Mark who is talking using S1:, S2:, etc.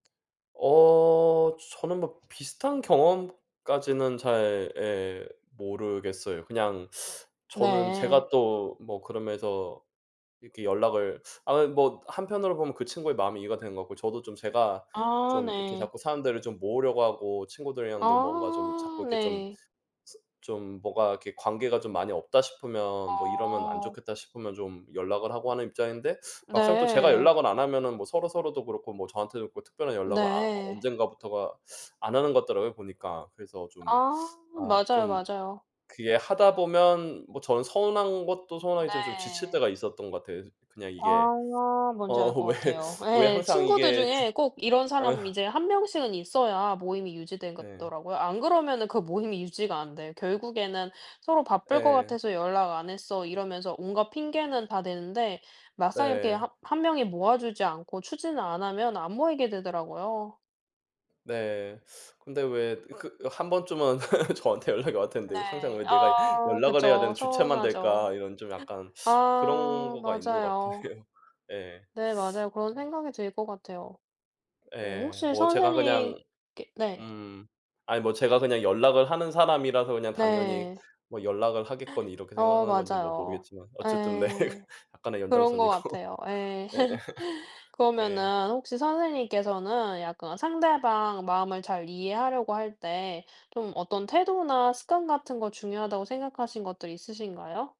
S1: 어 저는 뭐 비슷한 경험까지는 잘 예, 모르겠어요. 그냥 저는
S2: 네.
S1: 제가 또 뭐 그러면서 이렇게 연락을 아이 뭐 한편으로 보면 그 친구의 마음이 이해가 된 것 같고 저도 좀 제가
S2: 아
S1: 좀 이렇게
S2: 네.
S1: 자꾸 사람들을 좀 모으려고 하고 친구들이랑도 뭔가 좀 자꾸
S2: 아
S1: 이렇게 좀
S2: 네.
S1: 스 스 좀 뭐가 이렇게 '관계가 많이 없다.' 싶으면 뭐 '이러면 안
S2: 아.
S1: 좋겠다.' 싶으면 좀 연락을 하고 하는 입장인데 막상 또 제가
S2: 네.
S1: 연락을 안 하면은 뭐 서로서로도 그렇고 뭐 저한테도 그렇고 특별한 연락을 아
S2: 네.
S1: 언제부턴가 안하는 것 같더라고요 보니까. 그래서 좀
S2: 아
S1: 아
S2: 맞아요,
S1: 좀
S2: 맞아요.
S1: 그게 하다 보면 뭐 전 서운한 것도 서운하겠지만 좀 지칠
S2: 네.
S1: 때가 있었던 것 같아요. 이 저 그냥 이게.
S2: 아 뭔지
S1: 어
S2: 알 거
S1: 왜,
S2: 같아요.
S1: 왜
S2: 예.
S1: 항상
S2: 친구들
S1: 이게 주
S2: 중에 꼭 이런
S1: 응.
S2: 사람 이제 1 명씩은 있어야 모임이
S1: 네.
S2: 유지되겠더라고요. 안 그러면은 그 모임이 유지가 안 돼. 결국에는 서로 "바쁠 것
S1: 예.
S2: 같아서 연락 안 했어." 이러면서 온갖 핑계는 다 대는데 막상 이렇게
S1: 예.
S2: 하 1 명이 모아 주지 않고 추진을 안 하면 안 모이게 되더라고요.
S1: 네. 근데 왜 그 한 번쯤은 저한테 연락이 올텐데 '항상
S2: 네
S1: 왜 내가
S2: 아
S1: 연락을 해야
S2: 그쵸.
S1: 되는 주체만
S2: 서운하죠.
S1: 될까?' 이런 좀 약간 그런
S2: 아
S1: 거가 있는 것 같긴
S2: 맞아요.
S1: 해요. 예.
S2: 네, 맞아요. 그런 생각이 들 거 같아요. 어
S1: 예.
S2: 혹시
S1: 뭐 제가 그냥
S2: 선생님께 네.
S1: 음. 아이 뭐 제가 그냥 연락을 하는 사람이라서 그냥 당연히
S2: 네.
S1: 뭐 연락을 하겠거니 이렇게 생각을
S2: 어
S1: 하는 건지 뭐
S2: 맞아요.
S1: 모르겠지만 어쨌든 네.
S2: 예.
S1: 약간의
S2: 그런 거
S1: 연장선이고.
S2: 같아요. 예.
S1: 예. 예.
S2: 그러면은 혹시 선생님께서는 약간 상대방 마음을 잘 이해하려고 할 때 좀 어떤 태도나 습관 같은 거 중요하다고 생각하신 것들이 있으신가요?